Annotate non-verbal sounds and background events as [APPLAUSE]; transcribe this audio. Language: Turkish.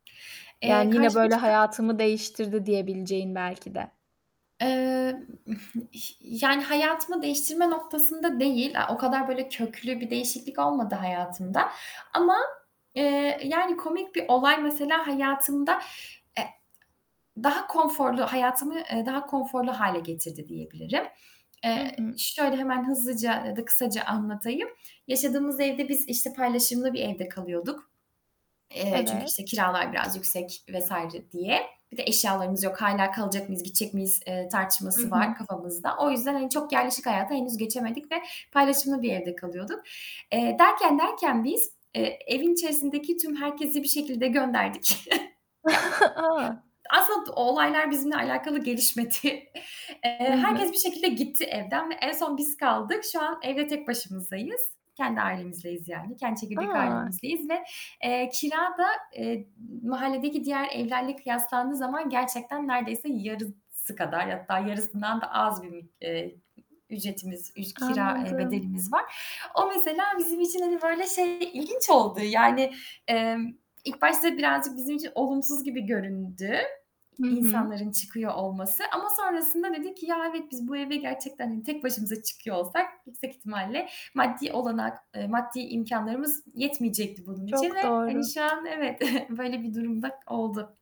Eee, Yani yine karşıma böyle çıkan "Hayatımı değiştirdi." diyebileceğin belki de. Eee, [CHUCKLES] ih yani hayatımı değiştirme noktasında değil. A, o kadar böyle köklü bir değişiklik olmadı hayatımda ama, eee, yani komik bir olay mesela hayatımda, e daha konforlu, hayatımı, eee, daha konforlu hâle getirdi diyebilirim. Hı Eee, hı. şöyle hemen hızlıca ya da kısaca anlatayım. Yaşadığımız evde biz işte paylaşımlı bir evde kalıyorduk, eee, çünkü Evet. işte kiralar biraz yüksek vs. diye. Bir de eşyalarımız yok, hâlâ kalacak mıyız, gidecek miyiz, eee, Hı tartışması hı. var kafamızda. O yüzden hani çok yerleşik hayata henüz geçemedik ve paylaşımlı bir evde kalıyorduk. Eee, derken derken biz, eee, evin içerisindeki tüm herkesi bir şekilde gönderdik. [CHUCKLES] Ya [CHUCKLES] A! aslında olaylar bizimle alakalı gelişmedi. Hı Eee, herkes hı. bir şekilde gitti evden ve en son biz kaldık. Şu an evde tek başımızdayız. Kendi ailemizleyiz yani, kendi çekirdek A! ailemizdeyiz ve, eee, kira da, eee, mahalledeki diğer evlerle kıyaslandığı zaman gerçekten nerdeyse yarısı kadar, hatta yarısından da az bir, eee, ücretimiz, üc kira, eee, Anladım. bedelimiz var. O mesela bizim için hani böyle şey ilginç oldu yani, emm, ilk başta birazcık bizim için olumsuz gibi göründü Hı hı. insanların çıkıyor olması ama sonrasında dedik ki: "Ya, evet, biz bu eve gerçekten hani tek başımıza çıkıyor olsak yüksek ihtimalle maddi olanak, eee, maddi imkânlarımız yetmeyecekti bunun için ve Çok hani doğru. şu an evet, [CHUCKLES] böyle bir durum da oldu."